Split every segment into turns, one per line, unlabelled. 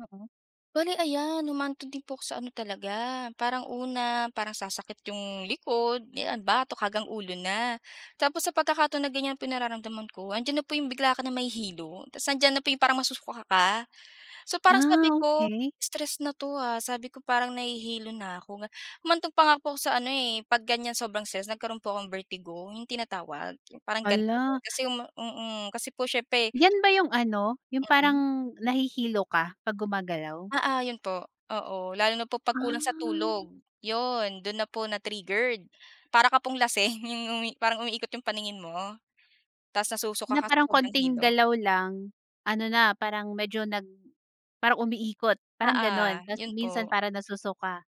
Oo. Bale ayan, humantong din po ako sa ano talaga parang una, parang sasakit yung likod, 'yan batok hanggang ulo na. Tapos sa pagkakataon na ganyan po yungnararamdaman ko, andiyan na po yung bigla ka na mahihilo. Tas nandiyan na po yung parang masusuka ka. So, parang
Ah,
sabi ko,
okey.
"Stress na 'to, ah." Sabi ko, "Parang nahihilo na ako." Humantong pa nga po ako sa ano, eh, 'pag ganyan sobrang stress nagkaroon po akong vertigo yung tinatawag, yung parang ganun.
Hala.
Kasi yung ma mm. Kasi po siyempre
'Yan ba yung ano, yung
Mm.
parang nahihilo ka 'pag gumagalaw?
Oo, yun po. Oo, lalo na po pag kulang sa
Ah.
tulog. Yun dun na po na-triggered. Para ka pong lasing yung umi parang umiikot yung paningin mo. Tas nasusuka
Na
ka sa
parang
sobrang
konting
hilo.
galaw lang ano na, parang medyo nag parang umiikot, parang
Oo,
ganun. Tas
yun
minsan
po.
parang nasusuka?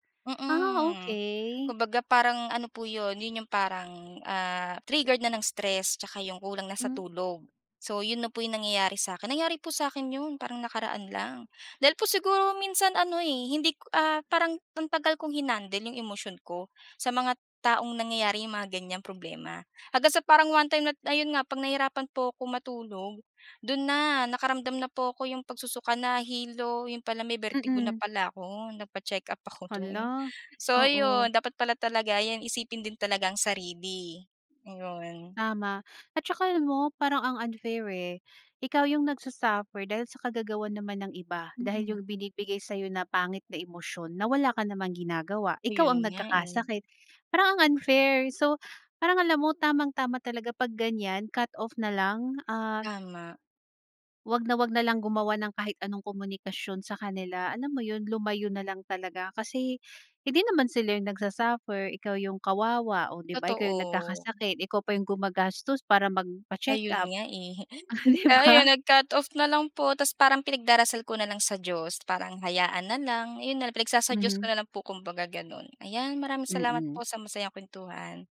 Ah,
Mm.
okey.
Kumbaga parang ano po yun, yun yung parang, ah, triggered na ng stress tsaka yung kulang na sa
Mm.
tulog. So, yun na po yung nangyayari sa akin. Nangyari po sa akin yun parang nakaraan lang. Dahil po siguro minsan ano, eh, hindi ko, ah, parang ang tagal kong hinandle yung emosyon ko sa mga taong nangyayari yung mga ganyang problema. Hanggang sa parang one-time na ayun nga, 'pag nahirapan po ko matulog, dun na nakaramdam na po ako yung pagsusuka nahilo, yun pala may vertigo na
Mm.
pala ako, nagpa-check-up ako dun.
Hala,
So
oo.
ayun, dapat pala talaga 'yan isipin din talaga ang sarili, ayun.
Tama, at saka alam mo, parang ang unfair, eh. Ikaw yung nagsa-suffer dahil sa kagagawan naman ng iba. Dahil
Mm.
yung binibigay sa'yo na pangit na emosyon na wala ka namang ginagawa, ikaw
Ayun
ang
nga, eh.
nagkakasakit. Parang ang unfair. So, parang alam mo tamang-tama talaga 'pag ganyan cut-off na lang, ah
Tama.
wag na wag nalang gumawa ng kahit anong komunikasyon sa kanila, alam mo yun? Lumayo nalang talaga. Kasi hindi naman sila yung nagsa-suffer, ikaw yung kawawa o di ba? Ikaw yung
Totoo.
nagkakasakit, ikaw pa yung gumagastos para
Ayun
magpa-checkup.
nga, eh.
Ah di
Kaya ayun,
ba?
nag-cut-off nalang po tapos parang pinagdarasal ko na lang sa Diyos parang hayaan na lang, ayun nalang pinagsasa-Diyos ko
Mhm.
nalang po kumbaga ganun. Ayan, maraming salamat
Mm.
po sa masayang kwentuhan.